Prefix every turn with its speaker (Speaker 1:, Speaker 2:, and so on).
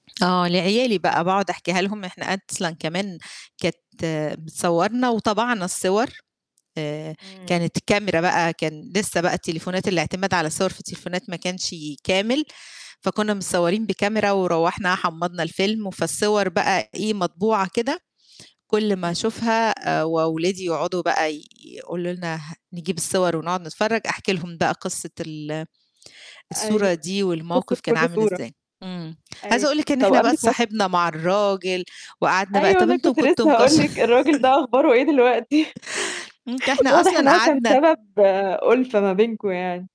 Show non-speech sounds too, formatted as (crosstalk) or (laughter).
Speaker 1: آه، لعيالي بقى، باقعد أحكيها لهم إحنا أصلًا كمان كانت بتصوّرنا وطَبَعنا الصور آآ،
Speaker 2: إمم.
Speaker 1: كانت كاميرا بقى، كان لسه بقى التليفونات الاعتماد على الصور في التليفونات ما كانش كامل، فكنا متصوّرين بكاميرا، وروّحنا حمّضنا الفيلم، وفالصور بقى إيه، مطبوعة كده كُلّ ما
Speaker 2: إمم.
Speaker 1: أشوفها آآ، وولادي يقعدوا بقى ي يقولوا لنا ه نجيب الصور ونقعد نتفرّج، أحكي لهم بقى قصّة ال الصورة
Speaker 2: أيوه
Speaker 1: دي
Speaker 2: قصّة
Speaker 1: والموقف كان
Speaker 2: كُلّ
Speaker 1: عامل
Speaker 2: صورة،
Speaker 1: إزاي، امم، عايزة
Speaker 2: أيوه،
Speaker 1: أقول لِك إن
Speaker 2: طَب
Speaker 1: إحنا بقى
Speaker 2: قابلِك مث
Speaker 1: اتصاحبنا مع الراجل وقعدنا بقى
Speaker 2: أيوه
Speaker 1: طَب
Speaker 2: أنا
Speaker 1: أنتم
Speaker 2: كنت
Speaker 1: كنتم
Speaker 2: لسه هاقول
Speaker 1: مكش
Speaker 2: لِك الراجل ده
Speaker 1: (laughs)
Speaker 2: أخباره إيه دلوقتي؟
Speaker 1: امم، ده
Speaker 2: (chuckles)
Speaker 1: إحنا
Speaker 2: واضح
Speaker 1: أصلًا
Speaker 2: إنه هو كان
Speaker 1: قعدنا
Speaker 2: سبب أُلفة ما بينكم يعني.